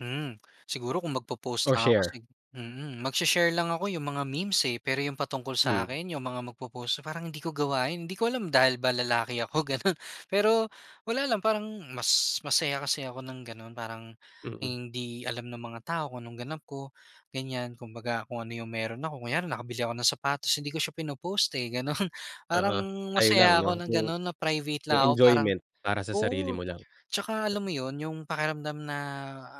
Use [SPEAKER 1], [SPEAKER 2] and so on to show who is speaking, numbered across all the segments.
[SPEAKER 1] Mm, siguro kung mag-popost
[SPEAKER 2] O
[SPEAKER 1] lang ako kasi
[SPEAKER 2] share?
[SPEAKER 1] mm, magshe-share lang ako yung mga memes eh pero yung patungkol sa
[SPEAKER 2] Mm.
[SPEAKER 1] akin yung mga mag-popost parang hindi ko gawain hindi ko alam dahil ba lalaki ako ganon pero wala lang parang mas masaya kasi ako ng ganun parang
[SPEAKER 2] Mm.
[SPEAKER 1] hindi alam ng mga tao kung anong ganap ko ganyan kumbaga kung ano yung meron ako kunyari nakabili ako ng sapatos hindi ko siya pinopost eh ganun. Parang
[SPEAKER 2] Oo sayo lang
[SPEAKER 1] masaya
[SPEAKER 2] no,
[SPEAKER 1] ako na
[SPEAKER 2] yung
[SPEAKER 1] ganun na private lang
[SPEAKER 2] yung
[SPEAKER 1] ako parang
[SPEAKER 2] enjoyment para sa sarili
[SPEAKER 1] oo
[SPEAKER 2] mo lang.
[SPEAKER 1] tsaka alam mo yun, yung pakiramdam na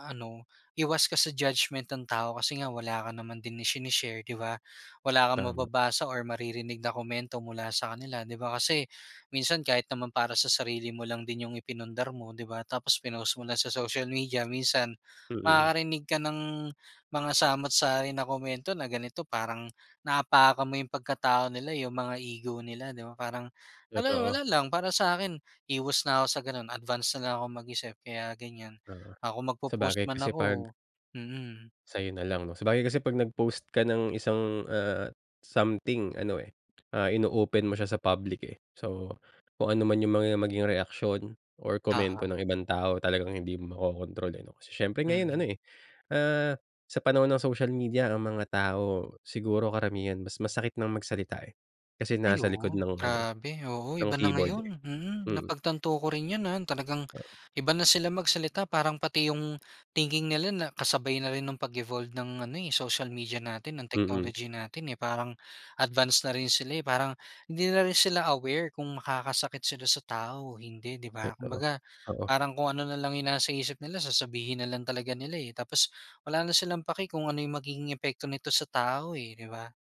[SPEAKER 1] ano iwas ka sa judgement ng tao kasi nga wala ka naman din ishine-share di ba? Wala kang
[SPEAKER 2] Tama.
[SPEAKER 1] mababasa or maririnig na komento mula sa kanila di ba, kasi minsan kahit naman para sa sarili mo lang din yung ipinundar mo di ba tapos pinost mo lang sa social media minsan
[SPEAKER 2] Mm.
[SPEAKER 1] makakarinig ka ng mga samut-sari na komento na ganito parang naapakan mo yung pagkatao nila yung mga ego nila di ba? Parang, ano
[SPEAKER 2] Totoo.
[SPEAKER 1] wala lang para sakin iwas na ako sa ganun advance na lang ako mag-isip kaya ganyan,
[SPEAKER 2] Oo
[SPEAKER 1] ah, kung mag-popost
[SPEAKER 2] sabagay
[SPEAKER 1] man
[SPEAKER 2] kasi pag
[SPEAKER 1] ako mm.
[SPEAKER 2] Sayo nalang no sabagay kasi pag nag-post ka ng isang, ah, something ano eh, ah, ino-open mo siya sa public eh. So kung ano man yung mga maging reaksyon or komento
[SPEAKER 1] Oo.
[SPEAKER 2] ng ibang tao talagang hindi mo makokontrol eh no, kasi siyempre ngayon ano
[SPEAKER 1] Mm.
[SPEAKER 2] eh, ah, sa panahon ng social media ang mga tao, siguro karamihan mas masakit ng magsalita eh. Kasi
[SPEAKER 1] Ay
[SPEAKER 2] nasa likod
[SPEAKER 1] oo,
[SPEAKER 2] ng ano eh,
[SPEAKER 1] grabe, oo,
[SPEAKER 2] ng
[SPEAKER 1] iba na
[SPEAKER 2] keyboard eh,
[SPEAKER 1] ngayon, mm,
[SPEAKER 2] mm.
[SPEAKER 1] napagtanto ko rin yun, ah, talagang
[SPEAKER 2] Oo.
[SPEAKER 1] iba na sila magsalita parang pati yung thinking nila na kasabay na rin ng pag evolved ng ano eh social media natin, ng
[SPEAKER 2] Mm.
[SPEAKER 1] technology natin eh, parang advance na rin sila eh parang hindi na rin sila aware kung makakasakit sila sa tao o hindi di ba?
[SPEAKER 2] Totoo,
[SPEAKER 1] Kumbaga
[SPEAKER 2] oo.
[SPEAKER 1] parang kung ano nalang yung nasa isip nila sasabihin na lang talaga nila eh, tapos wala na silang paki kung ano yung magiging epekto nito sa tao eh di ba?